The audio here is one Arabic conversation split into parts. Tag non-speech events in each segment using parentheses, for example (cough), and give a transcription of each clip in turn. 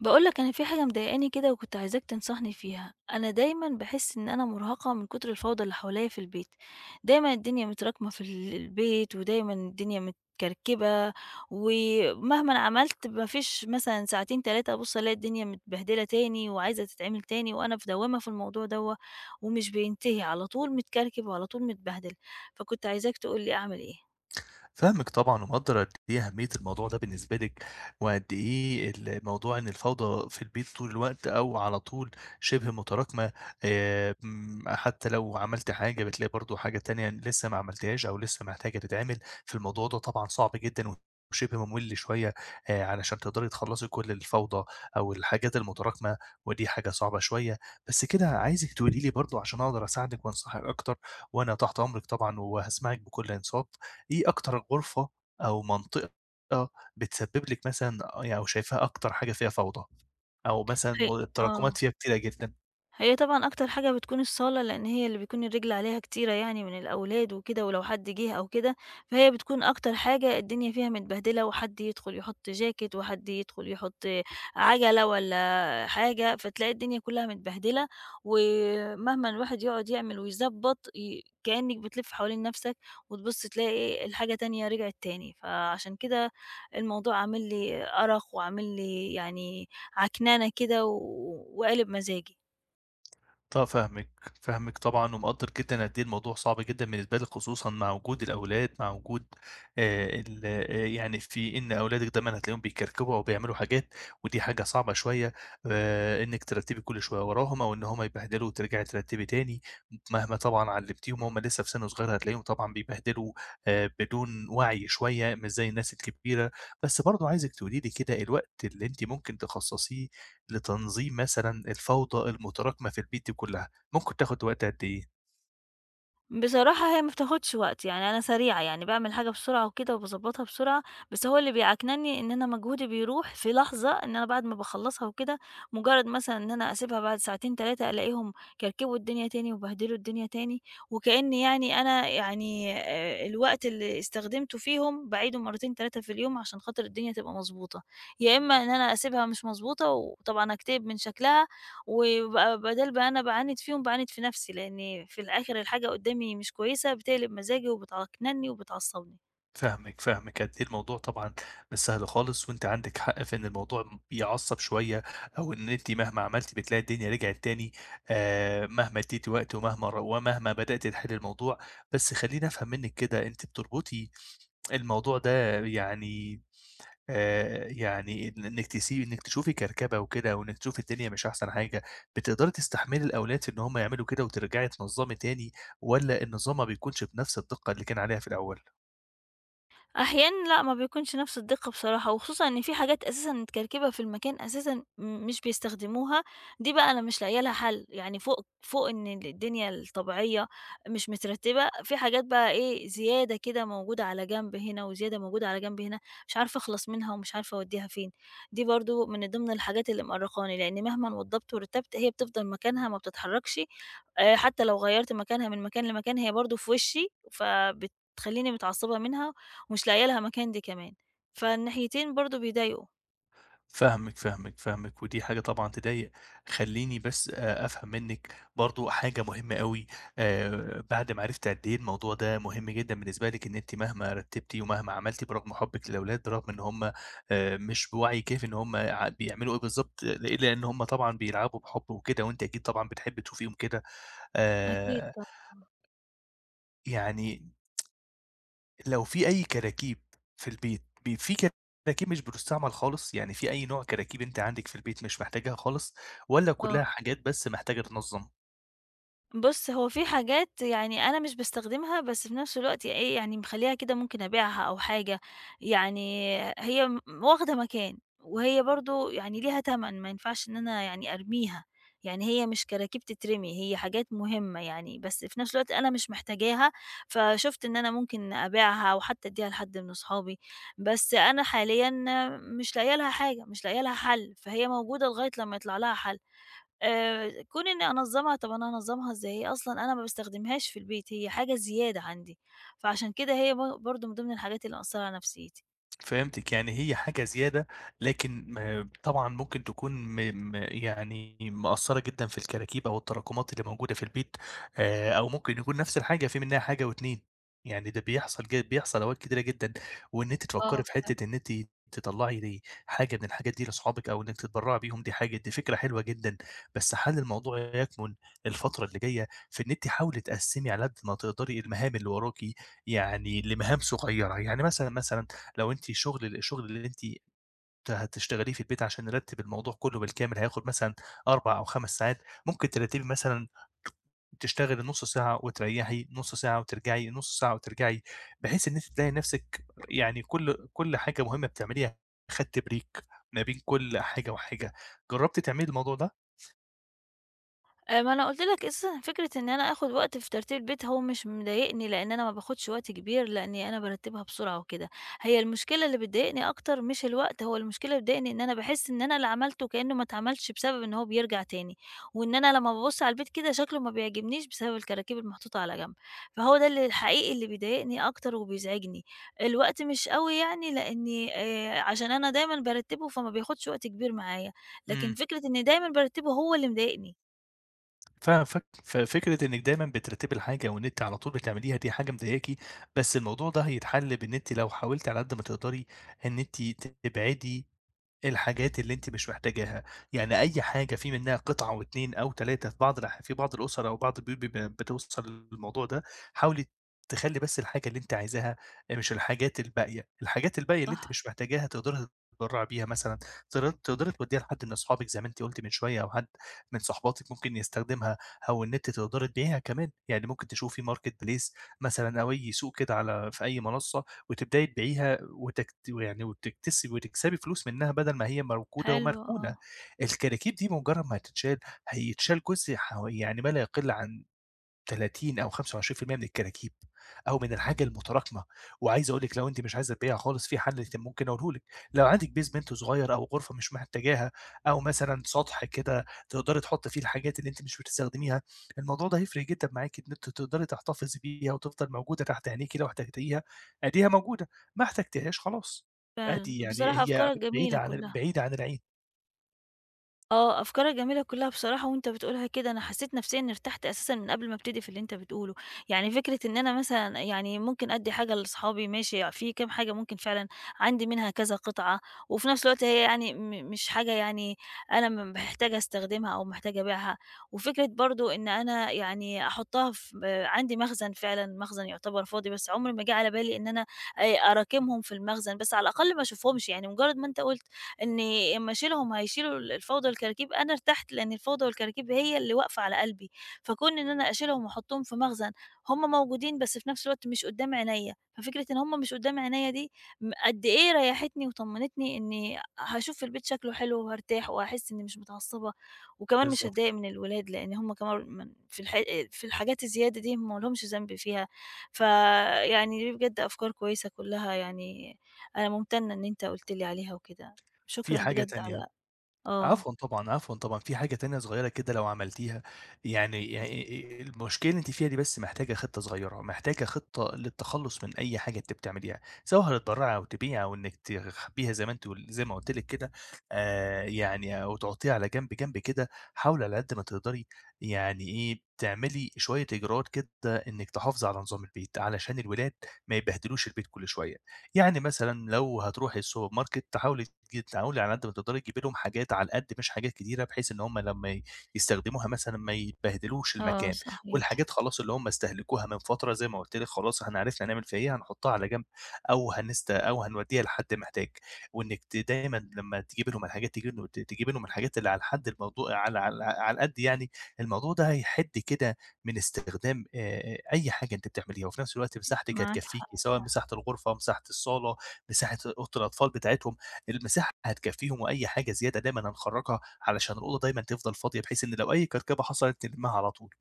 باقول لك أنا في حاجة مضايقاني كده وكنت عايزاك تنصحني فيها، أنا دايمًا باحِس إن أنا مُرهقة من كُتر الفوضى اللي حواليّا في البيت، دايمًا الدنيا متراكمة في ال البيت ودايمًا الدنيا متكركبة ومهمًا عملت ما فيش مثلًا ساعتين، 3 أبُص ألاقي الدنيا متبهدلة تاني وعايزة تتعمل تاني وأنا في دوّامة في الموضوع دوّة ومش بينتهي على طول متكركب وعلى طول متبهدل، فكنت عايزاك تقول لي أعمل إيه؟ فاهمِك طبعًا ومقدَّر قد إيه أهمية الموضوع ده بالنسبة لِك وقد إيه الموضوع إن الفوضى في البيت طول الوقت أو على طول شِبه متراكمة، آآ امم حتّى لو عملتِ حاجة بتلاقي برضه حاجة تانية لسّه ما عملتيهاش أو لسّه محتاجة تتعمل، في الموضوع ده طبعًا صعب جدًا و وشِبه مُمِل شوية، آآ علشان تقدري تخلّصي كل الفوضى أو الحاجات المتراكمة ودي حاجة صعبة شوية. بس كده عايزِك تقولي لي برضه عشان أقدر أساعدِك وأنصحِك أكتر وأنا تحت أمرِك طبعًا وهاسمعِك بكل إنصات، إيه أكتر غرفة أو منطقة بتسبِّب لِك مثلًا أ أو يعني شايفاها أكتر حاجة فيها فوضى، أو مثلًا ه مو التراكمات آه. فيها كتيرة جدًا؟ هي طبعًا أكتر حاجة بتكون الصالة لإن هي اللي بيكون الرِجل عليها كتيرة يعني من الأولاد وكده ولو حد جِه أو كده، فهي بتكون أكتر حاجة الدنيا فيها متبهدلة وحد يدخُل يحُط jacket وحد يدخُل يحُط آآ عَجلة والّا حاجة، فتلاقي الدنيا كُلّها متبهدلة ومهمًا الواحد يقعُد يعمل ويضبّط ي كإنِك بتلِف حوالين نَفْسك وتبُص تلاقي إيه، الحاجة تانية رجعت تاني، فعشان كده الموضوع عامل لي أرَق وعامل لي يعني عكننة كده و وقالب مزاجي. ط فاهمِك، فاهمِك طبعًا ومقدَّر جدًا قد إيه الموضوع صعب جدًا بالنسبة لِك خصوصًا مع وجود الأولاد، مع وجود آآ ال آآ يعني في إن أولادِك دايمًا هتلاقيهم بيكركبوا أو بيعملوا حاجات ودي حاجة صعبة شوية، آآ إنِّك ترتِّبي كل شوية وراهم أو إن هم يبهدلوا وترجعي ترتِّبي تاني، م مهما طبعًا علِّمتيهم وهُم لسّه في سِن صغير هتلاقيهم طبعًا بيبهدلوا آآ بدون وَعْي شوية مش زي الناس الكبيرة، بس برضه عايزِك تقولي لي كده الوقت اللي أنتِ ممكن تخصَّصيه لتنظيم مثلًا الفوضى المتراكمة في البيت دي كُلّها، ممكن تاخُد وقت قد إيه؟ بصراحة هي ما بتاخدش وقت، يعني أنا سريعة يعني باعمل الحاجة بسرعة وكده وباضبّطها بسرعة، بس هو اللي بيعكنني إن أنا مجهودي بيرُوح في لحظة، إن أنا بعد ما باخلصها وكده، مجرد مثلًا إن أنا أسيبها بعد ساعتين، 3 ألاقيهم كركبوا الدنيا تاني وبهدلوا الدنيا تاني، وكأني يعني أنا يعني آآ، الوقت اللي استخدمته فيهم باعيده مرتين، 3 في اليوم عشان خاطر الدنيا تبقى مضبوطة، يا إما إن أنا أسيبها مش مضبوطة وطبعًا أكتئب من شكلها، وبقى بدال بقى أنا باعاند فيهُم، باعاند في نفْسي، لأني في الآخر الحاجة قدامي مش كويسة بتقلب مزاجي وبتعكنني وبتعصبني. فاهمِك، فاهمِك قد إيه الموضوع طبعًا مش سهل خالص، وأنتِ عندِك حق في إن الموضوع يعصب شوية، أو إن أنتِ مهما عملتِ بتلاقي الدنيا رجعت تاني، آآ، مهما اديتِ وقت ومهما رو ومهما بدأتِ تحلي الموضوع، بس خلّيني أفهم منِك كده، أنتِ بتربطي الموضوع ده يعني، آآ، يعني إن إنِك تسي إنِك تشوفي كركبة وكده، وإنِك تشوفي الدنيا مش أحسن حاجة، بتقدري تستحملي الأولاد في إن هُم يعملوا كده وترجعي تنظمي تاني، والّا النظام ما بيكونش بنفْس الدقة اللي كان عليها في الأول؟ أحيانًا لأ ما بيكونش نفس الدقة بصراحة، وخصوصًا إن في حاجات أساسًا متكركبة في المكان أساسًا م مش بيستخدموها، دي بقى أنا مش لاقية لها حل. يعني فوق فوق إن الدنيا الطبيعية مش مترتبة، في حاجات بقى إيه زيادة كده موجودة على جنب هنا وزيادة موجودة على جنب هنا، مش عارفة أخلص منها ومش عارفة أوديها فين. دي برضو من ضمن الحاجات اللي مؤرقاني، لأن مهمًا وضبت ورتبت هي بتفضل مكانها ما بتتحركش، آآ حتى لو غيرت مكانها من مكان لمكان هي برضه في وشي، فبتخلّيني متعصبة منها ومش لاقية لها مكان دي كمان. فالناحيتين برضه بيضايقوا. فاهمِك، فاهمِك، فاهمِك، ودي حاجة طبعًا تضايق. خليني بس، آآ أفهم منك برضه حاجة مهمة أوي، آآ، بعد ما عرفت قد إيه الموضوع ده مهم جدًا بالنسبة لك إن أنتِ مهما رتبتِ ومهما عملتِ برغم حُبِك للأولاد، رغم إن هُم، آآ مش بوعي كافي إن هُم ع بيعملوا إيه بالضبط، ل لأن هُم طبعًا بيلعبوا بحُب وكده، وأنتِ أكيد طبعًا بتحبي تشوفيهم كده. أكيد آآ طبعًا. يعني. (tsk) لو فيه أي كراكيب في البيت، بي في كراكيب مش بتُستعمل خالص؟ يعني فيه أي نوع كراكيب أنتِ عندك في البيت مش محتاجاها خالص، والَّا آه. كلها حاجات بس محتاجة تتنظم؟ بُصّ، هو فيه حاجات يعني أنا مش باستخدمها بس في نفس الوقت إيه يعني مخلّياها كده ممكن أبيعها أو حاجة يعني آآ، هي م واخدة مكان وهي برضه يعني ليها تمَن ما ينفعش إن أنا يعني أرميها، يعني هي مش كراكيب تترمي، هي حاجات مهمة يعني، بس في نفس الوقت أنا مش محتاجاها فشُفت إن أنا ممكن أبيعها، أو حتى أدّيها لحد من أصحابي بس أنا حاليًا آآ، مش لاقية لها حاجة، مش لاقية لها حلّ، فهي موجودة لغاية لمّا يطلع لها حل آآ، كون إني أنظّمها طَب أنا هانظّمها إزاي؟ هي أصلًا أنا ما باستخدمهاش في البيت هي حاجة زيادة عندي، فعشان كده هي ب برضه من ضمن الحاجات اللي مأثّرة على نفسيتي. فهمتِك، يعني هي حاجة زيادة لكن م طبعًا ممكن تكون م م يعني مأثرّة جدًا في الكراكيب أو التراكمات اللي موجودة في البيت، آآ، أو ممكن يكون نفس الحاجة فيه منها حاجة و2 يعني ده بيحصل جي بيحصل أوقات كتيرة جدًا، وإن أنتِ آه، تفكّري في فعلًا. حتة إن إنتِ تطلّعي حاجة من الحاجات دي لصحابك، أو إنِّك تتبرعي بيهم، دي حاجة دي فكرة حلوة جدًا، بس حلّ الموضوع يكمن الفترة اللي جاية في إن أنتِ حاولي تقسّمي على قد ما تقدري المهام اللي وراكِ، يعني لمهام صغيرة، يعني مثلًا، مثلًا لو أنتِ شغل، الشغل اللي أنتِ ت هتشتغليه في البيت عشان نرتِّب الموضوع كلّه بالكامل هياخد مثلًا 4 أو 5 ساعات ممكن ترتّبي مثلًا تشتغلي نُصّ ساعة، وتريحي نُصّ ساعة، وترجعي نُصّ ساعة وترجعي، بحيث إن أنتِ تلاقي نَفسِك يعني كُلّ، كُلّ حاجة مهمة بتعمليها خدتي break ما بين كُلّ حاجة وحاجة، جربتِ تعملي الموضوع ده؟ آآ، ما أنا قُلت لك أساسًا فكرة إن أنا آخد وقت في ترتيب البيت هو مش مضايقني، لأن أنا ما باخدش وقت كبير، لأني أنا بارتّبها بسرعة وكده، هي المشكلة اللي بتضايقني أكتر مش الوقت، هو المشكلة اللي بتضايقني إن أنا باحس إن أنا اللي عملته كأنه ما اتعملش، بسبب إن هو بيرجع تاني، وإن أنا لمّا بابُصّ على البيت كده شكله ما بيعجبنيش، بسبب الكراكيب المحطوطة على جنب، فهو ده اللي الحقيقي اللي بيضايقني أكتر وبيزعجني، الوقت مش أوي يعني لأني آآ، عشان أنا دايمًا بارتبه فما بياخدش وقت كبير معايا، لكن إمم. فكرة إن دايمًا بارتبه هو اللي مضايقني. فف ففكرة إنِّك دايمًا بترتبي الحاجة وإن أنتِ على طول بتعمليها دي حاجة مضايقاكِ، بس الموضوع ده هيتحَلّ بإن أنتِ لو حاولتِ على قد ما تقدري إن أنتِ تبعدي الحاجات اللي أنتِ مش محتاجاها، يعني أي حاجة في منها قطعة أو 2 أو 3 في بعض الأح في بعض الأُسَر أو بعض البيوت بيبقى بتوصل للموضوع ده، حاولي تخلّي بس الحاجة اللي أنتِ عايزاها، آآ، مش الحاجات الباقية، الحاجات الباقية اللي أنتِ صح. مش محتاجاها تقدري تتبرّعي بيها مثلًا تقدري توديها لحد من أصحابِك زي ما أنتِ قُلتِ من شوية أو حد من صاحباتِك ممكن يستخدمها، أو إن أنتِ تقدري تبيعيها كمان، يعني ممكن تشوفي marketplace مثلًا أو أي سوق على في أي منصة وتبدأي تبيعيها وتكت يعني وتكس وتكسبي فلوس منها بدل ما هي موجودة حلو، ومركونة. آه. الكراكيب دي مجرّد ما هتتشال، هيتشال جزء ح و يعني ما لا يقِلّ عن 30 أو 25% من الكراكيب أو من الحاجة المتراكمة وعايز أقول لِك لو أنتِ مش عايزة تبيعيها خالص، في حل (unintelligible) ممكن أقوله لِك، لو عندِك basement صغير أو غرفة مش محتاجاها، أو مثلًا سطح كده تقدري تحطّي فيه الحاجات اللي أنتِ مش بتستخدميها، الموضوع ده هيفرِق جدًا معاك إن أنتِ تقدري تحتفظي بيها وتفضل موجودة تحت عينيكِ لو احتجتيها آدِيها موجودة، ما احتجتيهاش خلاص، فعلًا، عادي يعني بصراحة هي أفكارك جميلة بعيدة ع كلّها. بعيدة عن العين. آه، أفكارك جميلة كُلّها بصراحة وأنت بتقولها كده أنا حسّيت نفسيًا إنّي ارتحت أساسًا من قبل ما أبتدي في اللي أنت بتقوله. يعني فكرة إن أنا مثلًا يعني ممكن أدّي حاجة لصحابي ماشي، فيه كام حاجة ممكن فعلًا عندي منها كذا قطعة وفي نَفْس الوقت هي يعني م مش حاجة يعني أنا م محتاجة أستخدمها أو محتاجة أبيعها. وفكرة برضه إن أنا يعني أحُطّها في آآ عندي مخزن فعلًا مخزن يُعتبر فاضي، بس عُمْر ما جِه على بالي إن أنا آآ أراكمهم في المخزن، بس على الأقل ما أشوفهمش يعني مُجرّد ما أنت قُلت إنّي أمّا أشيلهم، هيشيلوا ال الفوضى والكراكيب، أنا ارتحت لإن الفوضى والكراكيب هي اللي واقفة على قلبي. فكون إن أنا أشيلهم وأحُطّهم في مخزن، هم موجودين بس في نَفْس الوقت مش قُدّام عينيا، ففكرة إن هم مش قُدّام عينيا دي م قد إيه ريّحتني وطمنتني إنّي آآ، هاشوف البيت شكله حلو وهارتاح وهاحس إنّي مش متعصّبة وكمان مش بالضبط. هاتضايق من الولاد لإن هم كمان من في الحا آآ في الحاجات الزيادة دي هم مالهمش ذنب فيها. فيعني دي بجد أفكار كويسة كُلّها يعني أنا مُمتنّة إن أنت قُلت لي عليها وكده. في شكرًا حاجة بجد تانية. على آه. عفوًا طبعًا، عفوًا طبعًا. في حاجة تانية صغيرة كده لو عملتيها يعني يعني آآ المشكلة اللي أنتِ فيها دي بس محتاجة خطة صغيرة، محتاجة خطة للتخلُّص من أي حاجة أنتِ بتعمليها، سواء هتتبرّعي أو تبيعي أو إنِّك تخبّيها زي ما أنتِ قل زي ما قُلت لِك كده آآ، يعني أو تحُطّيها على جنب جنب كده. حاولي على قد ما تقدري يعني إيه، تعملي شوية إجراءات كده إنِّك تحافظي على نظام البيت علشان الولاد ما يبهدلوش البيت كل شوية. يعني مثلًا لو هتروحي الsupermarket، حاولي جت تحاولي على قد ما تقدري تجيبي لهم حاجات على القد مش حاجات كتيرة، بحيث إن هم لمّا ي يستخدموها مثلًا ما يبهدلوش آه، المكان، صحيح. والحاجات خلاص اللي هم استهلكوها من فترة زي ما قُلت لِك خلاص إحنا عرفنا هنعمل فيها إيه، هنحُطّها على جنب أو هنست أو هنودّيها لحد محتاج. وإنِّك ت دايمًا لمّا تجيبي لهم الحاجات تجيبي ل ت تجيبي لهم الحاجات اللي على الحد الموضوع على على على القد يعني، الموضوع ده هيحِد كده من استخدام آآ أي حاجة أنتِ بتعمليها، وفي نَفْس الوقت مساحتِك معاك حق هتكفّيكِ، سواء فع مساحة الغرفة، مساحة الصالة، مساحة أوضة الأطفال بتاعتهم. المساحة هتكفّيهم وأي حاجة زيادة دايمًا هنخرّجها علشان الأوضة دايمًا تفضل فاضية، بحيث إن لو أي كركبة حصلت تلمّها على طول.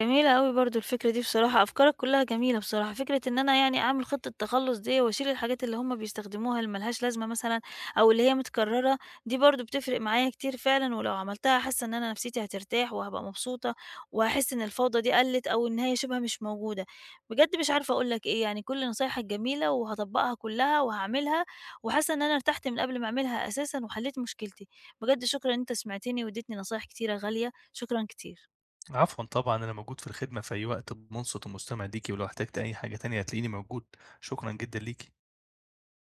جميلة أوي برضه الفكرة دي بصراحة، أفكارك كُلّها جميلة بصراحة. فكرة إن أنا يعني أعمل خطة تخلُّص دي وأشيل الحاجات اللي هم بيستخدموها اللي مالهاش لازمة مثلًا أو اللي هي متكرّرة دي برضه بتفرق معايا كتير فعلًا ولو عملتها حاسّة إن أنا نَفْسيتي هترتاح وهابقى مبسوطة، وهاحس إن الفوضى دي قلِّت أو إن هي شِبه مش موجودة. بجد مش عارفة أقول لك إيه، يعني كل نصايحك جميلة وهاطبّقها كُلّها وهاعملها، وحاسّة إن أنا ارتحت من قبل ما أعملها أساسًا وحلّيت مشكلتي. بجد شكرًا إن أنت سمعتني وادّيتني نصايح كتيرة غالية، شكرًا كتير. عفوًا طبعًا، أنا موجود في الخدمة في أي وقت مُنصِت ومُستمع ليكِ ولو احتجتِ أي حاجة تانية هتلاقيني موجود، شكرًا جدًا ليكِ.